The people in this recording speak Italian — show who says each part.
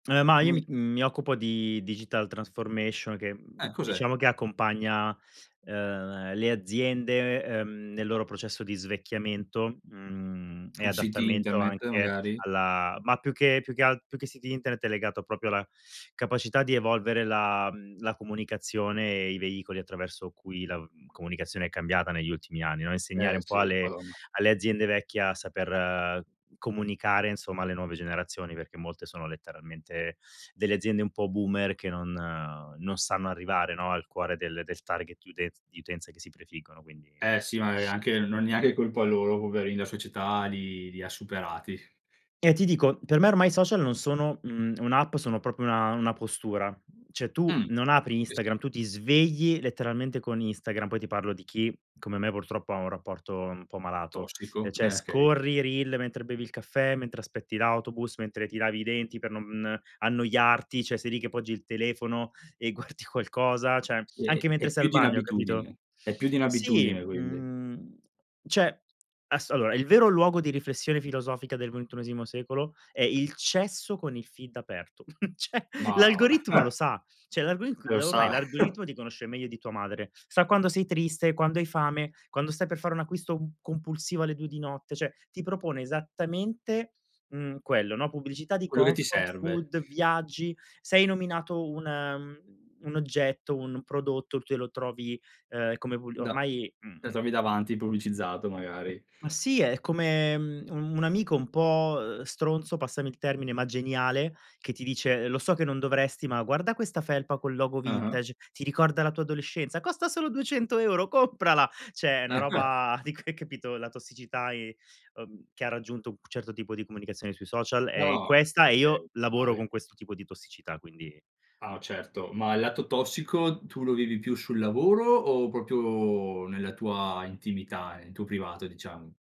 Speaker 1: Eh, ma io
Speaker 2: Come
Speaker 1: mi mi occupo di digital transformation, che,
Speaker 2: Eh, cos'è?
Speaker 1: diciamo, che accompagna, ehm, le aziende, ehm, nel loro processo di svecchiamento, mhmm, e
Speaker 2: Con siti
Speaker 1: adattamento
Speaker 2: internet
Speaker 1: anche
Speaker 2: magari?
Speaker 1: alla ma più che più che alt più che siti internet, è legato proprio alla capacità di evolvere la mhmm, la comunicazione e i veicoli attraverso cui la comunicazione è cambiata negli ultimi anni, no,
Speaker 2: Eh,
Speaker 1: insegnare un po'
Speaker 2: sì
Speaker 1: alle
Speaker 2: madonna.
Speaker 1: alle aziende vecchie, a saper comunicare insomma alle nuove generazioni, perché molte sono letteralmente delle aziende un po' boomer, che non non sanno arrivare, no, al cuore del del target di utenz di utenze che si prefiggono, quindi
Speaker 2: Eh, sì magari anche non è neanche colpa loro poverini, la società li li ha superati.
Speaker 1: E ti dico, per me ormai i social non sono, mhmm, un'app, sono proprio una una postura. Cioè tu,
Speaker 2: Mh
Speaker 1: non apri
Speaker 2: sì, sì.
Speaker 1: Instagram, tu ti svegli letteralmente con Instagram, poi ti parlo di chi, come me, purtroppo ha un rapporto un po' malato.
Speaker 2: Tossico,
Speaker 1: Cioè
Speaker 2: eh, okay.
Speaker 1: scorri, reel mentre bevi il caffè, mentre aspetti l'autobus, mentre ti lavi i denti per non annoiarti, cioè sei lì che poggi il telefono, e guardi qualcosa; cioè
Speaker 2: Sì,
Speaker 1: anche
Speaker 2: è
Speaker 1: mentre sei
Speaker 2: più
Speaker 1: al
Speaker 2: di
Speaker 1: bagno, capito?
Speaker 2: un'abitudine, è più di
Speaker 1: Sì,
Speaker 2: un'abitudine quindi.
Speaker 1: mhmm, cioè asso allora, il vero luogo di riflessione filosofica del ventunesimo secolo, è il cesso con il feed aperto. Cioè
Speaker 2: Madonna
Speaker 1: l'algoritmo lo sa, cioè l'algorig
Speaker 2: È un
Speaker 1: ormai
Speaker 2: sa
Speaker 1: l'algoritmo ti conosce meglio di tua madre, sa quando sei triste, quando hai fame, quando stai per fare un acquisto compulsivo alle 2 di notte, cioè, ti propone esattamente, mhmm, quello, no, pubblicità di
Speaker 2: Quello che ti
Speaker 1: comfort
Speaker 2: serve.
Speaker 1: food, viaggi, sei nominato un mhmm, un oggetto, un prodotto, tu lo trovi, ehm, come v
Speaker 2: Da
Speaker 1: ormai, mhmm
Speaker 2: esami davanti pubblicizzato magari.
Speaker 1: Ma sì, è come un un amico un po' stronzo, passami il termine, ma geniale, che ti dice: "Lo so che non dovresti, ma guarda questa felpa col logo
Speaker 2: Ah-ah.
Speaker 1: vintage, ti ricorda la tua adolescenza, costa solo 200€, comprala." Cioè, è una roba di [unintelligible] capito, la tossicità e uhm, che ha raggiunto un certo tipo di comunicazione sui social, è
Speaker 2: No,
Speaker 1: questa, e
Speaker 2: okay,
Speaker 1: io lavoro
Speaker 2: vale.
Speaker 1: con questo tipo di tossicità, quindi
Speaker 2: Ah, certo, ma il lato tossico, tu lo vivi più sul lavoro, o proprio nella tua intimità, nel tuo privato diciamo?